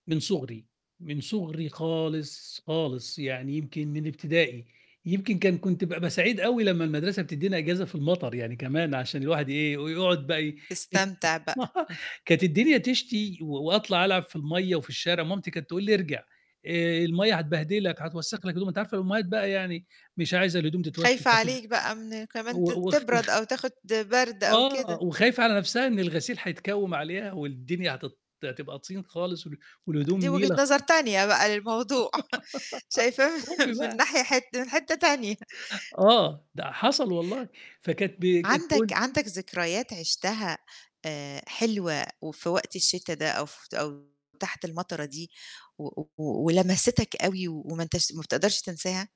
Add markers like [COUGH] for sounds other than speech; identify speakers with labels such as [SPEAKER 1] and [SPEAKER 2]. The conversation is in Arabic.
[SPEAKER 1] من صُغري، من صُغري خالص، خالص، يعني يمكن من ابتدائي، يمكن كان كنت بابقى سعيد أوي لمّا المدرسة بتدِّينا أجازة في المطر يعني كمان، عشان الواحد يإيه، يقعد بقى ي
[SPEAKER 2] تستمتع بقى.
[SPEAKER 1] [CHUCKLES]
[SPEAKER 2] [CHUCKLES]
[SPEAKER 1] كانت الدنيا تشتي وأطلع ألعب في المَيَّة وفي الشارع، مامتي كانت تقول لي: "ارجع، آآ، المَيَّة هتبهدلك، هتوسخ لك هدومك." أنتِ عارفة الأمهات بقى يعني، مش عايزه الهدوم تتوسخ
[SPEAKER 2] خايفة
[SPEAKER 1] [UNINTELLIGIBLE]
[SPEAKER 2] عليك بقى من كمان
[SPEAKER 1] و
[SPEAKER 2] ت
[SPEAKER 1] وخ وخ
[SPEAKER 2] تبرد أو تاخد برد أو
[SPEAKER 1] آه،
[SPEAKER 2] كده.
[SPEAKER 1] وخايفة على نفْسها إن الغسيل هيتكوّم عليها والدنيا هتت هتبقى طين خالص وال والهدوم
[SPEAKER 2] دي وجهة
[SPEAKER 1] نيلة.
[SPEAKER 2] نظر
[SPEAKER 1] خ
[SPEAKER 2] تانية بقى
[SPEAKER 1] [GIGGLES]
[SPEAKER 2] للموضوع [CHUCKLES] شايفاه
[SPEAKER 1] أُم
[SPEAKER 2] [CHUCKLES] من
[SPEAKER 1] بقى.
[SPEAKER 2] ناحي حِت من حِتّة تانية.
[SPEAKER 1] آه، ده حصل والله، فكانت ب كانت
[SPEAKER 2] عندك
[SPEAKER 1] تقول
[SPEAKER 2] عندك ذكريات عشتها، آآ، حلوة وفي وقت الشتا ده، أو ف أو تحت المطرة دي، و و ولَمَسِتَك أوي وما أنتَش ما بتقدرش تنساها؟